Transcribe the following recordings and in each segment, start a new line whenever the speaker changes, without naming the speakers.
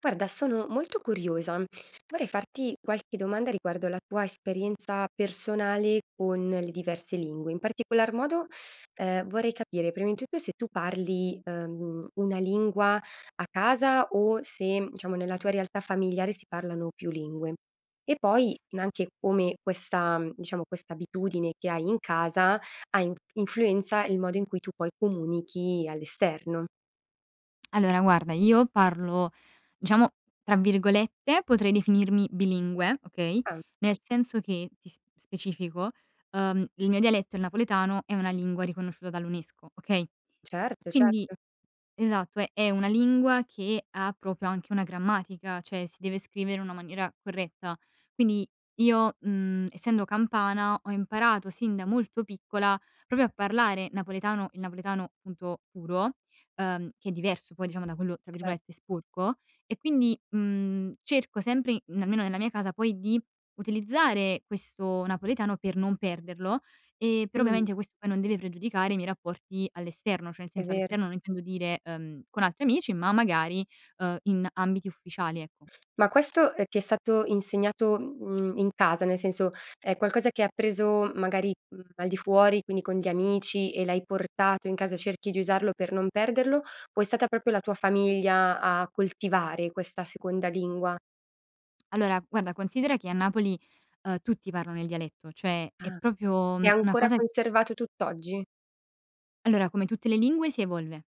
Guarda sono molto curiosa, vorrei farti qualche domanda riguardo la tua esperienza personale con le diverse lingue, in particolar modo, ehm, vorrei capire prima di tutto se tu parli, uhm, una lingua a casa o se, diciamo, nella tua realtà familiare si parlano più lingue; e poi n anche come questa, mhmm diciamo questa abitudine che hai in casa ha in influenza il modo in cui tu poi comunichi all'esterno.
Allora guarda, io parlo diciamo, tra virgolette, potrei definirmi "bilingue" okay,
Ah.
nel senso che ti s specifico, uhm, il mio dialetto, il napoletano, è una lingua riconosciuta dall'UNESCO, okay.
Certo,
Quindi
certo.
Esatto è è una lingua che ha proprio anche una grammatica, cioè si deve scrivere in una maniera corretta. Quindi io, mhmm, essendo campana ho imparato sin da molto piccola proprio a parlare napoletano il napoletano punto puro, uhm, che è diverso poi, diciamo, da quello tra
Cer
virgolette "sporco;" e quindi, mhmm, cerco sempre in almeno nella mia casa, poi di utilizzare questo napoletano per non perderlo, ehm, però
Mh.
ovviamente questo poi non deve pregiudicare i miei rapporti all'esterno cioè nel
È
senso
vero.
all'esterno non intendo dire, uhm, con altri amici ma magari, uhm, in ambiti ufficiali ecco.
Ma questo, ehm, ti è stato insegnato, m mhmm, in casa nel senso è qualcosa che hai appreso magari, mhmm, al di fuori quindi con gli amici e l'hai portato in casa, cerchi di usarlo per non perderlo, o è stata proprio la tua famiglia a coltivare questa seconda lingua?
Allora, guarda considera che a Napoli, uhm, tutti parlano il dialetto; cioè è
Ah.
proprio,
È
mhmm, una
ancora
cosa
conservato tutt'oggi?
Allora come tutte le lingue si evolve,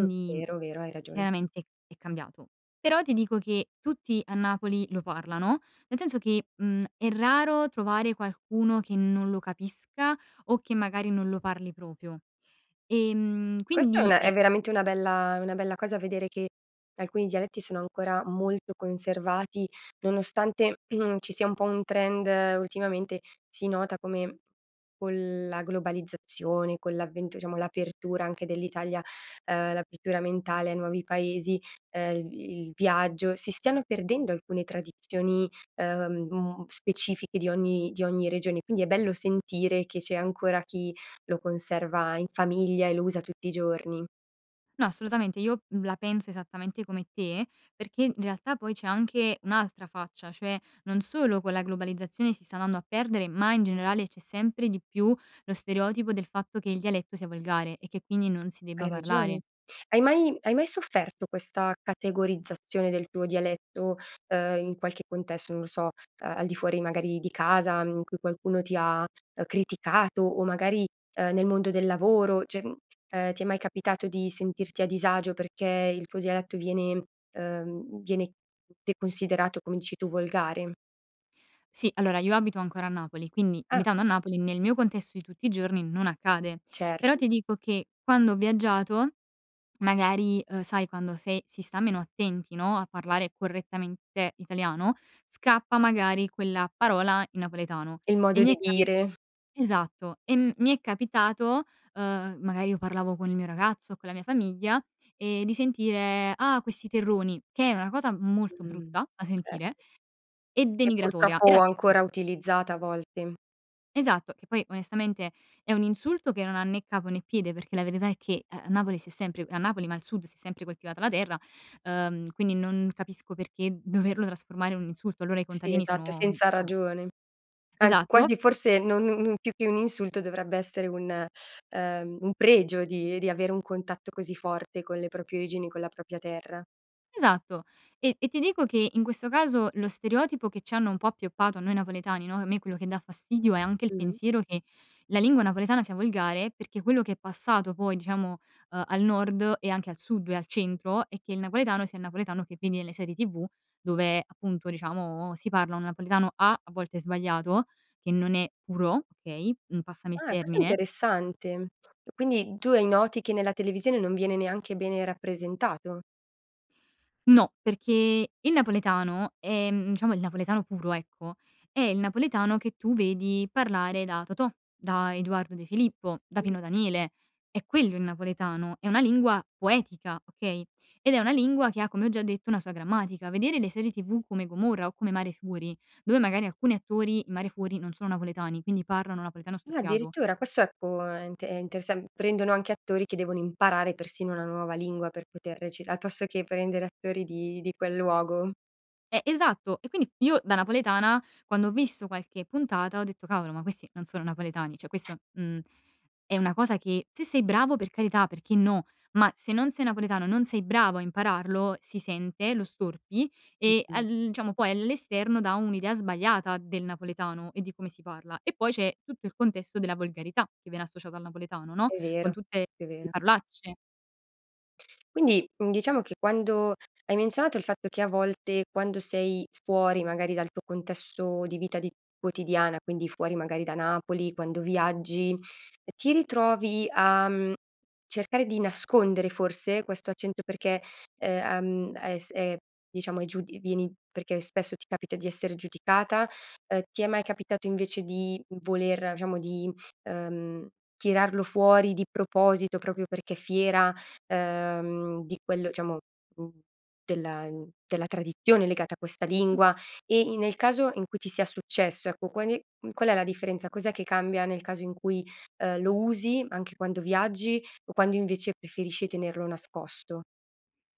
Mh, vero, vero, hai ragione.
chiaramente è cambiato. Però ti dico che tutti a Napoli lo parlano, nel senso che, mhmm, è raro trovare qualcuno che non lo capisca o che magari non lo parli proprio. Ehm,
Questa è
quindi
una
è
è veramente una bella è una bella cosa vedere che che alcuni dialetti sono ancora molto conservati, nonostante, mhmm, ci sia un po' un trend, ultimamente si nota come con la globalizzazione, con l'avvento diciamo, l'apertura anche dell'Italia uhm, l'apertura mentale ai nuovi paesi, ehm, il vi il viaggio, si stiano perdendo alcune tradizioni, uhm, specifiche di ogni di ogni regione. Quindi è bello sentire che c'è ancora chi lo conserva in famiglia e lo usa tutti i giorni.
No assolutamente io, mhmm, la penso esattamente come te, perché in realtà poi c'è anche un'altra faccia, cioè, non solo con la globalizzazione si sta andando a perdere, ma in generale c'è sempre di più lo stereotipo del fatto che il dialetto sia volgare e che quindi non si
Hai
debba
ragione.
parlare.
Hai mai hai mai sofferto questa categorizzazione del tuo dialetto, uhm, in qualche contesto, non lo so, ehm, al di fuori magari di casa, mhmm, in cui qualcuno ti ha, uhm, criticato o magari, uhm, nel mondo del lavoro, cioè, mhmm, ehm, ti è mai capitato di sentirti a disagio perché il tuo dialetto viene uhm, viene te considerato come dici tu volgare?
Sì, allora, io abito ancora a Napoli, quindi
Ah.
abitando a Napoli, nel mio contesto di tutti i giorni non accade, però
Certo.
ti dico che quando ho viaggiato magari, uhm, sai quando, se si sta meno attenti no, a parlare correttamente italiano, scappa magari quella parola in napoletano
Il modo
e mi
di
è capi
dire.
esatto, e mi è capitato, uhm, magari io parlavo con il mio ragazzo o con la mia famiglia, ehm, di sentire: "Ah, questi terroni". Che è una cosa molto
Mh,
brutta da sentire,
certo.
e
E
denigratoria e
purtroppo
razzista.
ancora utilizzata a volte.
Esatto. Che poi onestamente è un insulto che non ha né capo né piede, perché la verità è che a a Napoli si è sempre a Napoli ma al sud, si è sempre coltivata la terra, uhm, quindi non capisco perché doverlo trasformare in un insulto, allora i
Sì,
contadini
esatto,
sono,
senza
diciamo
ragione. Anzi
esatto
quasi forse non non non più che un insulto dovrebbe essere un, ehm, un pregio di di avere un contatto così forte con le proprie origini con la propria terra.
Esatto e e ti dico che, in questo caso, lo stereotipo che c'hanno un po' appioppato a noi napoletani, no che a me quello che dà fastidio è anche il
Mh-mh.
pensiero che la lingua napoletana sia volgare, perché quello che è passato poi diciamo, ehm, al nord e anche al sud e al centro, è che il napoletano sia il napoletano che vedi nelle serie tv dove appunto, diciamo, si parla un napoletano, A: a volte sbagliato, che non è puro, okay, mhmm, passami il
Ah questo è
termine
interessante, e quindi tu hai noti, che nella televisione non viene neanche bene rappresentato?
No, perché il napoletano, ehm, diciamo il napoletano puro ecco, è il napoletano che tu vedi parlare da Totò, da Eduardo De Filippo, da
Mh.
Pino Daniele, è quello il napoletano, è una lingua poetica, okay, ed è una lingua che ha, come ho già detto, una sua grammatica. Vedere le serie tv come Gomorra, o come Mare Fuori, dove magari alcuni attori in Mare Fuori non sono napoletani, quindi parlano napoletano
Ah,
storpiato.
addirittura, questo ecco è int è intes prendono anche attori che devono imparare persino una nuova lingua per poter recita al posto che prendere attori di di quel luogo.
Eh, esatto, e quindi io, da napoletana, quando ho visto qualche puntata ho detto: "Cavolo ma questi non sono napoletani." Cioè questo, mhmm, è una cosa che se sei bravo per carità perché no, ma se non sei napoletano, non sei bravo a impararlo si sente, lo storpi, e
Mh-mh.
al, uhm, diciamo poi all'esterno dà un'idea sbagliata del napoletano, e di come si parla, e poi c'è tutto il contesto della volgarità che viene associato al napoletano, no,
E'
con
vero,
tutte
è
le
vero.
parolacce.
Quindi, mhmm, diciamo che quando hai menzionato il fatto che, a volte, quando sei fuori magari dal tuo contesto di vita di quotidiana quindi fuori magari da Napoli, quando viaggi, ehm, ti ritrovi a, mhmm, cercare di nascondere forse questo accento? Perché è, uhm, hai s è diciamo, è giud vieni perché spesso ti capita di essere giudicata? Ehm, ti è mai capitato invece di, mhmm, voler diciamo di, ehm, tirarlo fuori di proposito proprio perché fiera, ehm, di quello, diciamo, uhm, della della tradizione legata a questa
Mh.
lingua? E in nel caso in cui ti sia successo, ecco, quale, mhmm, qual è la differenza? Cos'è che cambia nel caso in cui, ehm, lo usi anche quando viaggi o quando invece preferisci tenerlo nascosto?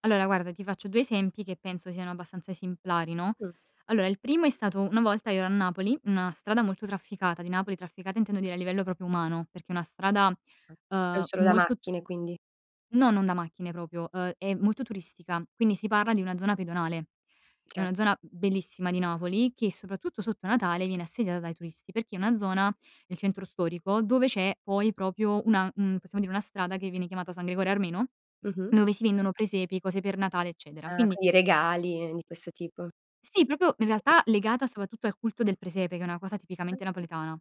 Allora guarda, ti faccio 2 esempi che penso siano abbastanza esemplari, no?
Mh.
Allora il primo è stato una volta io ero a Napoli, una strada molto trafficata di Napoli, trafficata intendo dire a livello proprio umano, perché è una strada,
Ah, non
uhm,
solo da
molto
macchine quindi.
No, non da macchine proprio, ehm, è molto turistica, quindi si parla di una zona pedonale. È una
Certo.
zona b bellissima di Napoli, che soprattutto sotto Natale viene assediata dai turisti, perché è una zona nel centro storico dove c'è poi proprio una, mhmm, possiamo dire, una strada che viene chiamata San Gregorio Armeno,
Mh-mh.
dove si vendono presepi, cose per Natale, eccetera,
Ah
quindi
con i regali, di questo tipo.
Sì, proprio in
[unintelligible]
realtà legata, soprattutto, al culto del presepe, che è una cosa
Ah.
tipicamente napoletana.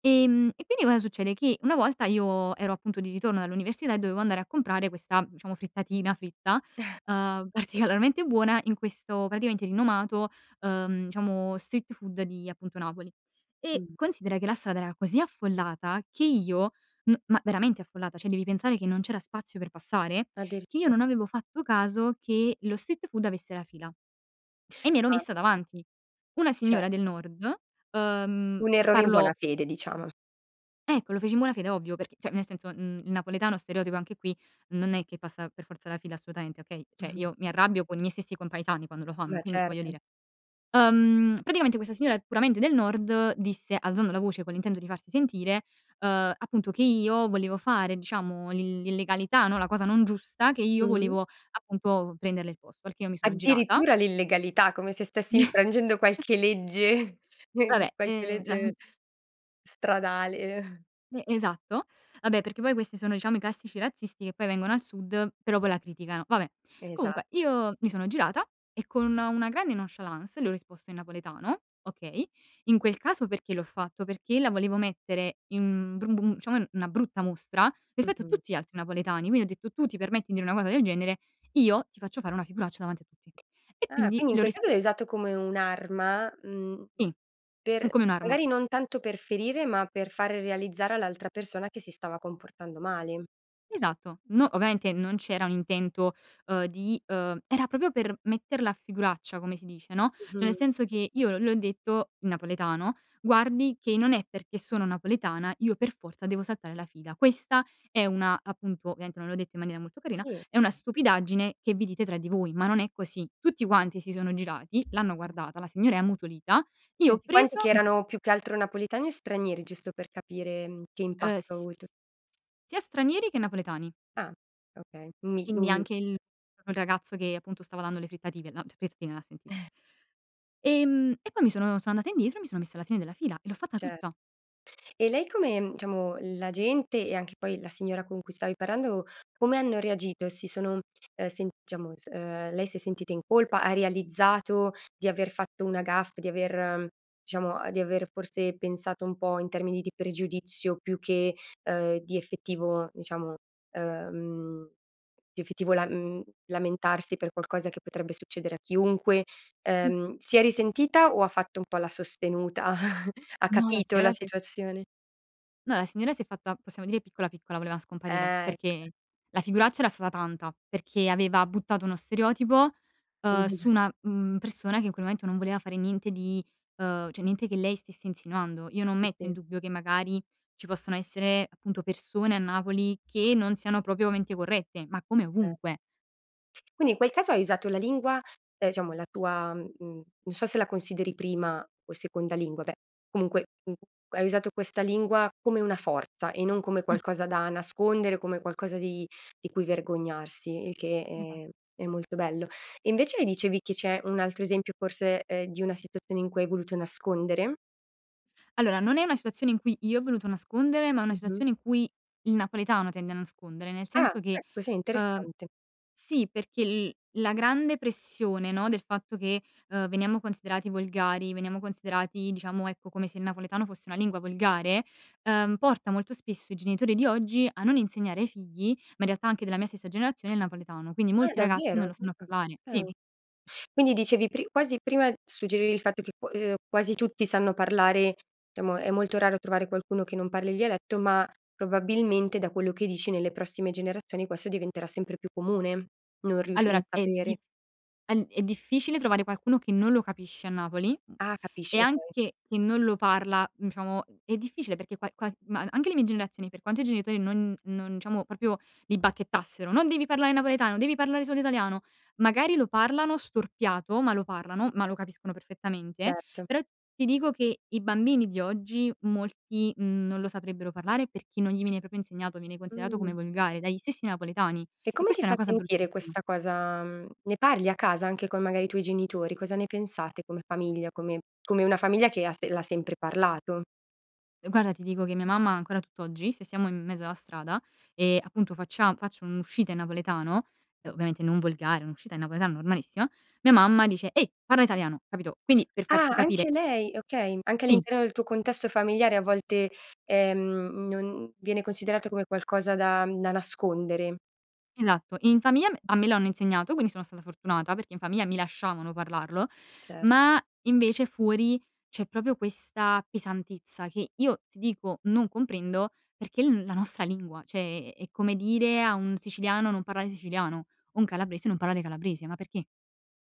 Ehm, e quindi cosa succede? Che una volta io ero appunto di ritorno dall'università e dovevo andare a comprare questa, diciamo, frittatina fritta, uhm particolarmente buona, in questo praticamente rinomato, uhm, diciamo street food di appunto Napoli. E,
Mh.
considera che la strada era così affollata che io m ma veramente affollata, cioè devi pensare che non c'era spazio per passare, che io
Addirittura.
non avevo fatto caso che lo street food avesse la fila e mi ero
Ah.
messa davanti. Una
Cioè
signora del nord, uhm,
Un errore in buona
parlo
fede, diciamo.
Ecco, lo feci in buona fede ovvio, perché, cioè, nel senso, mhmm, il napoletano stereotipo anche qui non è che passa per forza la fila assolutamente, okay? Cioè,
Mh-mh.
io mi arrabbio con i miei stessi compaesani quando lo fanno,
Ma
quindi voglio
certo.
dire uhm, praticamente questa signora puramente del nord disse, alzando la voce con l'intento di farsi sentire, ehm, appunto che io volevo fare, diciamo, l'ill l'illegalità no, la cosa non giusta, che
Mh
io
mh.
volevo appunto prenderle il posto, perché io mi sono girata
Addirittura l'illegalità, come se stessi infrangendo qualche legge, nel
Va beh,
qualche
ehm, la
legge stradale.
E esatto. Vabbè perché poi questi sono diciamo i classici razzisti che poi vengono al sud però, poi la criticano. Va beh, comunque,
Esatto.
io mi sono girata e, con una grande nonchalance, le ho risposto in napoletano, okay? In quel caso perché l'ho fatto? Perché la volevo mettere in, mhmm, bru bum diciamo, una brutta mostra, rispetto a
Mh-mh.
tutti gli altri napoletani, quindi ho detto: "Tu ti permetti di dire una cosa del genere, io ti faccio fare una figuraccia davanti a tutti". E
Ah,
quindi
quindi in
le ho
quel caso
rispo
l'hai usato come un'arma, mhmm,
Sì, è
per
come un'arma.
magari non tanto per ferire, ma per fare realizzare all'altra persona che si stava comportando male.
Esatto, no ovviamente non c'era un intento, uhm, di uhm, era proprio per metterla a figuraccia come si dice, no, cioè, nel
Mh-mh.
senso che io l le ho detto, in napoletano: "Guardi che non è perché sono napoletana, io per forza devo saltare la fila. Questa è una" appunto ovviamente non l'ho detto in maniera molto carina:
Sì.
"...è una stupidaggine che vi dite tra di voi, ma non è così". Tutti quanti si sono girati l'hanno
Mh.
guardata, la signora è ammutolita, io ho
Tutti quanti,
preso
che
mi so
erano più che altro napoletani o stranieri? Giusto per capire, mhmm, che
Eh,
impatto ha
s
avuto.
sia stranieri che napoletani.
Ah, okay, un mi
Quindi
un
anche il
mix.
proprio il ragazzo che appunto stava dando le frittative la le frittatine, l'ha sentito. Ehm, e poi mi sono sono andata indietro e mi sono messa alla fine della fila, e l'ho fatta
Cer
tutta.
e lei come mhmm, diciamo, la gente, e anche poi la signora con cui stavi parlando, come hanno reagito? Si sono, ehm sent diciamo, s ehm, lei si è sentita in colpa, ha realizzato di aver fatto una gaffe, di aver diciamo, di aver forse pensato un po' in termini di pregiudizio più che, uhm, di effettivo diciamo, ehm, di effettivo lam mhmm, lamentarsi per qualcosa che potrebbe succedere a chiunque?
Mh.
Ehm, si è risentita o ha fatto un po' la sostenuta, ha
No, la
capito la
signora si è
situazione?
no, la signora si è fatta, possiamo dire, piccola, piccola, voleva scomparire,
Ah ecco.
perché la figuraccia era stata tanta, perché aveva buttato uno stereotipo, uhm,
[unintelligible]
su una, mhmm, persona che in quel momento non voleva fare niente di ehm, cioè niente che lei stesse insinuando. Io non
Sì,
metto in
sì.
dubbio che magari ci possano essere, appunto, persone a Napoli che non siano proprio menti corrette, ma come
Eh.
ovunque.
Quindi in quel caso hai usato la lingua, ehm, diciamo, la tua mhmm, non so se la consideri prima o seconda lingua, beh, comunque, u hai usato questa lingua come una forza e non come
Mh.
qualcosa da nascondere, come qualcosa di di cui vergognarsi, il che
Esa
è è molto bello. E invece mi dicevi che c'è un altro esempio forse, ehm, di una situazione in cui hai voluto nascondere?
Allora, non è una situazione in cui io ho voluto nascondere, ma è una
Mh-mh.
situazione in cui il napoletano tende a nascondere. Nel
Ah!
senso che
Ecco, sì,
uhm,
interessante!
sì, perché l la grande pressione, no, del fatto che, ehm, veniamo considerati volgari, veniamo considerati diciamo, ecco, come se il napoletano fosse una lingua volgare, uhm, porta molto spesso i genitori di oggi a non insegnare ai figli, ma, in realtà, anche della mia stessa generazione, il napoletano, quindi
Ah,
molti ragazzi
davvero?
non lo sanno
Ah
parlare Sì!
okay. Quindi, dicevi, pri quasi prima suggerivi il fatto che qu ehm, quasi tutti sanno parlare, diciamo, è molto raro trovare qualcuno che non parli il dialetto, ma, probabilmente, da quello che dici, nelle prossime generazioni, questo diventerà sempre più comune, non riusc non
Allora, è
sapere.
dif a n è difficile trovare qualcuno che non lo capisce a Napoli, mhmm,
Ah,
e
capisci, okay.
anche che non lo parla diciamo, è difficile perché qua quas ma anche le mie generazioni, per quanto i genitori non non diciamo, proprio li bacchettassero: "Non devi parlare napoletano, devi parlare solo italiano." Magari lo parlano storpiato, ma lo parlano, ma lo capiscono perfettamente.
Certo.
Però ti dico che i bambini di oggi molti, mhmm, non lo saprebbero parlare perché non gli viene proprio insegnato, viene considerato
Mh.
come volgare dagli stessi napoletani
E
e
come ti
questa è
fa
una cosa
sentire
bruttissima
questa cosa, Mhmm, ne parli a casa anche con, magari, i tuoi genitori? Cosa ne pensate come famiglia, come come una famiglia che ha se l'ha sempre parlato.
E guarda, ti dico che mia mamma, ancora tutt'oggi, se siamo in mezzo alla strada, e, appunto, faccia faccio un'uscita in napoletano uhm,
Mh-mh.
ovviamente non volgare, un'uscita in napoletano normalissima, mia mamma dice: "Ehi, parla italiano." Capito, quindi per
Ah,
farti capire
anche lei, okay. Anche
Sì.
all'interno del tuo contesto familiare, a volte, ehm, non viene considerato come qualcosa da da nascondere.
Esatto, in famiglia me a me lo hanno insegnato, quindi sono stata fortunata perché in famiglia mi lasciavano parlarlo,
Cer
ma, invece, fuori, c'è proprio questa pesantezza che io, ti dico, non comprendo perché è l la nostra lingua, cioè, è è è come dire a un siciliano: "Non parlare siciliano." O un calabrese: "Non parlare calabrese." Ma perché?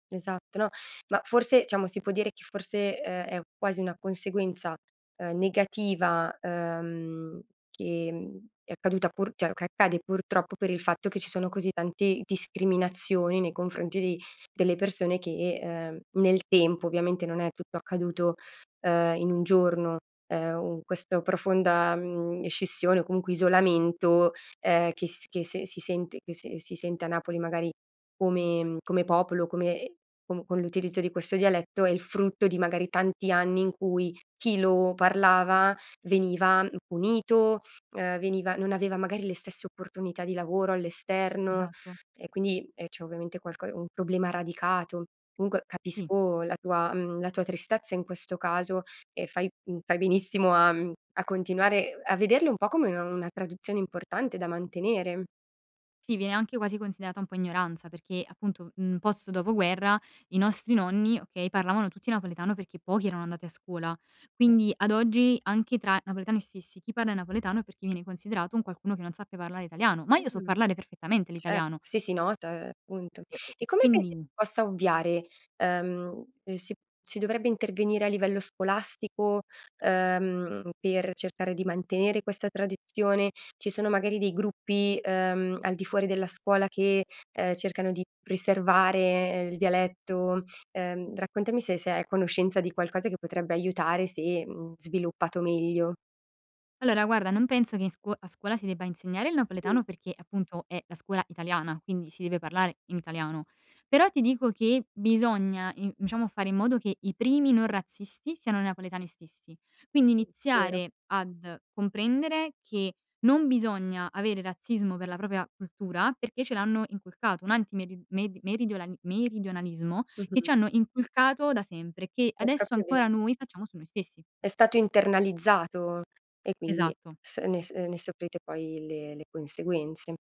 Esatto, no, ma, forse diciamo, si può dire che, forse, ehm, è quasi una conseguenza, uhm, negativa, uhm, che, mhmm, è accaduta pur cioè, che accade, purtroppo, per il fatto che ci sono così tanti discriminazioni nei confronti di delle persone che, uhm, nel tempo. Ovviamente, non è tutto accaduto, ehm, in un giorno, ehm, u questo profonda, mhmm, scissione o comunque isolamento, ehm, che s che se si sente che se si sente a Napoli, magari, come mhmm, come popolo, come ehm, com con l'utilizzo di questo dialetto, è il frutto di, magari, tanti anni in cui chi lo parlava, veniva, mhmm, punito, uhm, veniva non aveva, magari, le stesse opportunità di lavoro all'esterno
Esatto.
e, quindi, ehm, c'è, ovviamente, qualco un problema radicato. Comunque
Sì.
capisco la tua mhmm, la tua tristezza in questo caso e fai mhmm, fai benissimo a mhmm, a continuare, uhm, a vederle un po' come u una tradizione importante da mantenere.
Sì, viene anche quasi considerata un po' ignoranza perché, appunto, mhmm, post dopoguerra, i nostri nonni, okay, parlavano tutti napoletano perché pochi erano andati a scuola, quindi, ad oggi, anche tra napoletani stessi, chi parla in napoletano è perché viene considerato un qualcuno che non sappia parlare italiano, ma io so
Mh,
parlare perfettamente
ce
l'italiano.
sì, si nota, ehm, appunto.
E e
E
e
come pensi
quindi
possa ovviare? Ehm, si si dovrebbe intervenire a livello scolastico, ehm, per cercare di mantenere questa tradizione? Ci sono, magari, dei gruppi, uhm, al di fuori della scuola che, ehm, cercano di preservare, ehm, il dialetto? Ehm, raccontami se sei a conoscenza di qualcosa che potrebbe aiutare se, mhmm, sviluppato meglio.
Allora, guarda, non penso che in scuo a scuola si debba insegnare il
Sì.
napoletano perché, appunto, è la scuola italiana, quindi si deve parlare in italiano, però ti dico che bisogna in diciamo fare in modo che i primi non razzisti siano i napoletani stessi. Quindi
vero.
iniziare ad comprendere che non bisogna avere razzismo per la propria cultura perché ce l'hanno inculcato, un antimeri med meridionali meridionalismo che ci
Mh-mh.
hanno inculcato da sempre, che,
È
adesso
proprio
ancora,
vero.
noi facciamo su noi stessi.
È stato internalizzato e, quindi,
Esatto.
s ne uhm, ne soffrite poi le le conseguenze.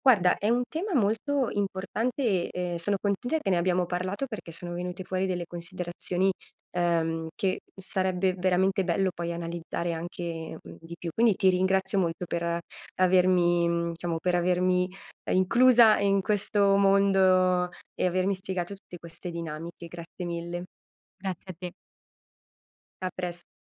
Guarda, è
Esatto.
un tema molto importante e, ehm, sono contenta che ne abbiamo parlato perché sono venute fuori delle considerazioni, uhm, che sarebbe veramente bello, poi, analizzare anche, mhmm, di più. Quindi ti ringrazio molto per avermi mhmm, diciamo, per avermi, uhm, inclusa in questo mondo e avermi spiegato tutte queste dinamiche. Grazie mille!
Grazie a te.
A pres